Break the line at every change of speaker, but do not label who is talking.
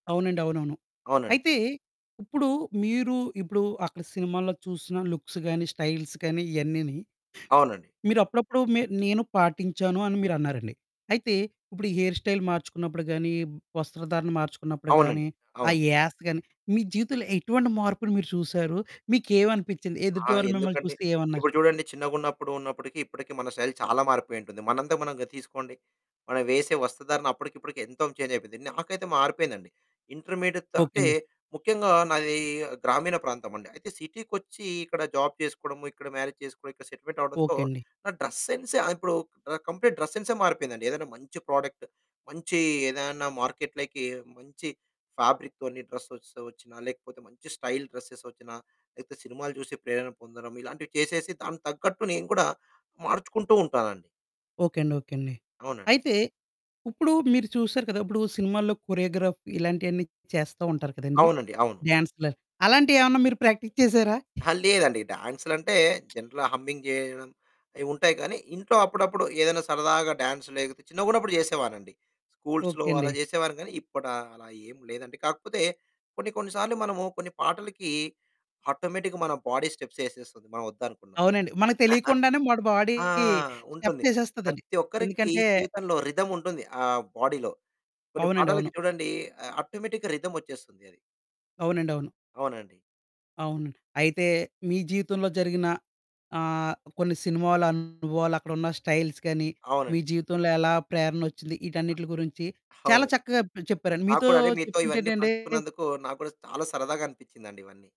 అవునండి. అవునవును.
అవునండి.
అయితే, ఇప్పుడు మీరు ఇప్పుడు అక్కడ సినిమాల్లో చూసిన లుక్స్ గానీ, స్టైల్స్ కానీ ఇవన్నీని
అవునండి.
మీరు అప్పుడప్పుడు మీ నేను పాటించాను అని మీరన్నారండి. అయితే ఇప్పుడు హెయిర్ స్టైల్ మార్చుకున్నప్పుడు గానీ, వస్త్రధారణ మార్చుకున్నప్పుడు గానీ,
అవునండి.
ఆ
అవును.
యాస గానీ మీ జీవితంలో ఎటువంటి మార్పుని మీరు చూసారు? మీకేవనిపించింది?
ఆ!
ఎదుటి వాళ్ళు మిమ్మల్ని
ఎందుకండి?
చూస్తే ఏమన్నారు?
ఇప్పుడు చూడండి చిన్నగున్నపుడు ఉన్నప్పటికి ఇప్పటికి మన శైలి చాలా మారిపోయి ఉంటుంది. మనంతా మనంగా తీసుకోండి. మనం వేసే వస్తుధారణ అప్పటికి ఇప్పటికి ఎంతో చేంజ్ అయిపోయింది. నాకైతే మారిపోయిందండి. ఇంటర్మీడియట్‌తో
ఓకే
అంటే
అండి.
ముఖ్యంగా నాది గ్రామీణ ప్రాంతమండి. అయితే సిటీకొచ్చి ఇక్కడ జాబ్ చేసుకోవడము, ఇక్కడ మ్యారేజ్ చేసుకోవడం, ఇక్కడ సెటిల్‌మెంట్ అవ్వడంతో
ఓకే అండి.
నా డ్రెస్ సెన్స్ ఆ ఇప్పుడు క ఆ కంప్లీట్ డ్రెస్ సెన్సే మారిపోయిందండి. ఏదైనా మంచి ప్రోడక్ట్, మంచి ఏదైనా మార్కెట్‌లకి మంచి ఫ్యాబ్రిక్‌తోని డ్రెస్సెస్ వచ్చినా లేకపోతే మంచి స్టైల్ డ్రెస్సెస్ వచ్చినా లేకపోతే సినిమాలు చూసే ప్రేరణ పొందడం ఇలాంటివి చేసేసి దానికి తగ్గట్టు నేను కూడా మార్చుకుంటూ ఉంటానండి.
ఓకే అండి. ఓకే అండి.
అవునండి.
అయితే ఇప్పుడు మీరు చూసారు కదా! ఉప్పుడు సినిమాల్లో కొరియోగ్రాఫ్ ఇలాంటియన్నీ చేస్తా ఉంటారు కదండీ!
అవునండి. అవును.
డ్యాన్సులవి, అలాంటివి ఏమన్నా మీరు ప్రాక్టీస్ చేసారా?
అహా! లేదండి. డాన్సులంటే జనరల్‌గా హమ్మింగ్ చేయడం, అయి ఉంటాయి గానీ ఇంట్లో అప్పుడప్పుడు ఏదైనా సరదాగా డాన్స్ లేకపోతే చిన్నగున్నప్పుడు చేసేవానండి. స్కూల్స్‌లో
ఓకే
అలా
అండి.
చేసేవాని కానీ, ఇప్పుడు అలా ఏం లేదండి. కాకపోతే కొన్ని కొన్ని సార్లు మనము కొన్ని పాటలకి ఆటోమేటిక్‌గా మన బాడీ స్టెప్స్ ఏసేస్తుంది. మనం వద్దనుకున్నా.
అవునండి. మనకు తెలియకుండానే మన బాడీ
ఆ! ఉంటుంది.
స్టెప్సేసేస్తదండి.
ప్రతి ఒక్కరికి
ఎందుకంటే
జీవితంలో రిథమ్ ఉంటుంది. ఆహ్, బాడీలో. కొన్ని
అవునండి.
పాటాలకి
అవును.
చూడండి ఆ ఆటోమేటిక్‌గా రిథమోచ్చేస్తుంది అది.
అవునండి అవును.
అవునండి.
అవునండి. అయితే మీ జీవితంలో జరిగిన ఆహ్, కొన్ని సినిమాలు అనుభవాలు, అక్కడున్న స్టైల్స్ గానీ, మీ
అవునండి.
జీవితంలో ఎలా ప్రేరణ ఓచ్చింది
అ
ఈటన్నిటిల గురించి చాలా
అవునండి.
చక్కగా ప చెప్పారండి
నాకు
మీతో
కూడా అండి మీతో ఇవన్నీ
చెప్తుంటేనండి
పంచుకున్నందుకు నాకు కూడా చాలా సరదాగా అనిపించిందండి ఇవన్నీ.